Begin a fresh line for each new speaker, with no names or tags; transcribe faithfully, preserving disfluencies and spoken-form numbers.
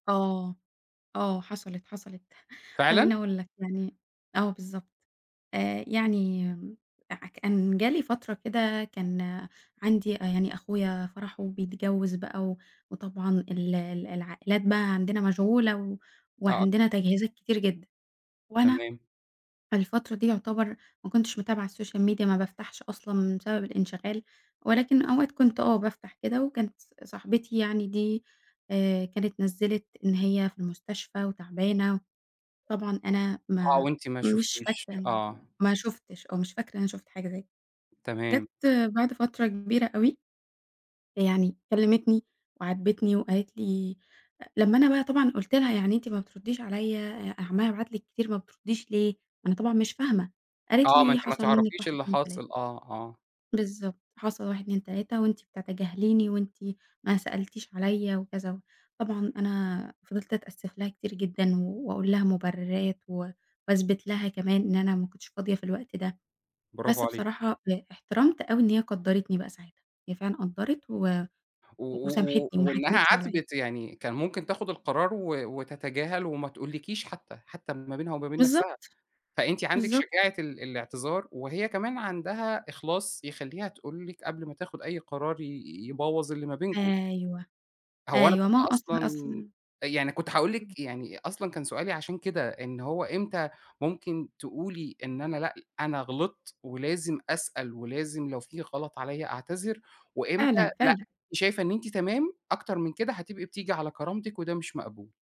آه، آه حصلِت، حصلِت
فعلًا؟
خلّيني أقول لك يعني، آه بالضبط، آآ، يعني أع كان جِه لي فترة كده كان عندي أ يعني أخويا فرحُه وبيتجوّز بقى و وطبعًا ال ال العائلات بقى عندنا مشغولة و
آه، أكيد.
وعندنا تجهيزات كتير جدًا، وأنا
تمام.
في الفترة دي يُعتبر ما كنتش متابعة الSocial Media ما بافتحش أصلًا، بسبب الإنشغال ولكن أوقات كنت آه بافتح كده وكانت ص صاحبتي يعني دي آآ، كانت نزِّلت إن هي في المستشفى وتعبانة، طبعًا أنا
آه،
ما
وأنتِ ما
مش
شُفتيش،
فاكرة،
آه.
ما شُفتش أو مش فاكرة إن أنا شُفت حاجة زي ك جَت
تمام.
بعد فترة كبيرة أوي، يعني كلّمتني وعاتبتني وقالت لي أ لمّا أنا بقى طبعًا قُلت لها يعني أنتِ ما بترديش عليَّ أ عمّالة ابعت لِك كتير ما بترديش ليه؟ أنا طبعًا مش فاهمة قالت
آه، ما
لي
أنتِ ما
حصل منِّك
تعرفيش
واحد
اللي
اتنين تلاتة.
حاصل آه، آه.
بالضبط، حصل واحد اتنين تلاتة وأنتِ بتتجاهليني، وأنتِ ما سألتيش عليَّ وكذا و طبعًا أنا فضلت أتأسف لها كتير جدًا، واقول لها مُبرّرات و واثبت لها كمان إن أنا ما كُنتش فاضية في الوقت ده،
برافو
بس
عليكِ.
بصراحة ب احترمت أوي إن هي قدّرتني بقى ساعتها، هي فعلًا قدّرت و
و
و
و و
وسامحتني، وما
وإنّها
حكمتش عليَّ.
عاتبِت يعني كان ممكن تاخد القرار و وتتجاهل وما تقولِكيش حتى، حتى ال ما بينها وما بين نفسها،
بالضبط،
فأنتِ عندِك
بالضبط.
شجاعة ال الاعتذار، وهي كمان عندها إخلاص يخلّيها تقول لِك قبل ما تاخد أي قرار ي يبوّظ اللي ما بينكم.
أيوه،
هو أنا
أيوه
كنت
ما هو أصل،
أصلًا
أصل
أ يعني كنت هاقول
إمم.
لِك يعني أصلًا كان سؤالي عشان كده، إن هو إمتى ممكن تقولي إن أنا لأ أنا غلطت ولازم أسأل، ولازم لو في غلط عليَّ أعتذر؟ وإمتى
فعلًا،
لأ
فعلًا.
أنتِ شايفة إن أنتِ تمام، أكتر من كده هتبقي بتيجي على كرامتِك وده مش مقبول؟